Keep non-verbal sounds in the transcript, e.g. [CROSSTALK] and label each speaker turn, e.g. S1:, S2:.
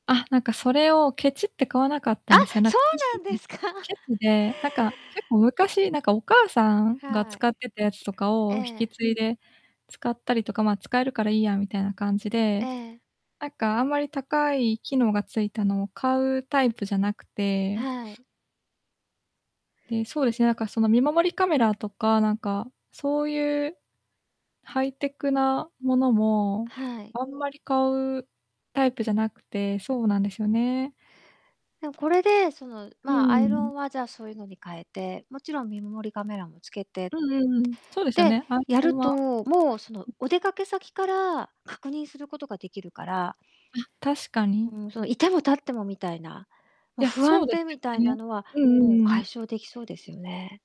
S1: あ、なんかそれをケチって買わなかっ
S2: あ、
S1: たんですよ、なん
S2: そう
S1: ほし
S2: な
S1: き
S2: んで
S1: [UNINTELLIGIBLE]
S2: すか。
S1: ケチで、なんか結構、昔なんか、お母さんが
S2: はい。
S1: 使ってたやつとか
S2: え
S1: を引
S2: え。
S1: き継いで使ったりとか、ま、使えるからいいやみたいな感じ
S2: え
S1: で、
S2: え。
S1: あっかあんまり高い機能がついたのを買うタイプじゃなくて。
S2: はい。
S1: で、そうですね、なんかその見守りカメラとか、なんかそういうハイテクなものも、
S2: はい。
S1: あんまり買うタイプじゃなくて、そうなんですよね。
S2: でも、これで、その、
S1: う
S2: ま、アイロ
S1: ん。
S2: ンはじゃあ、そういうのに変えて、もちろん見守りカメラもつけて
S1: うんうんうん。そうですよ
S2: で、
S1: ね、アイ
S2: や
S1: ロ
S2: る
S1: ン
S2: と、
S1: は
S2: もうその
S1: うん。
S2: お出かけ先から確認することが出来るから
S1: あ、確かに。
S2: うん、そのいてもたってもみたいな、も
S1: い
S2: う
S1: や、
S2: 不
S1: そ
S2: 安
S1: うです
S2: で、みたい
S1: よ
S2: な
S1: ね。
S2: のは、
S1: うんう
S2: もう
S1: んうん。
S2: 解消出来そうですよね。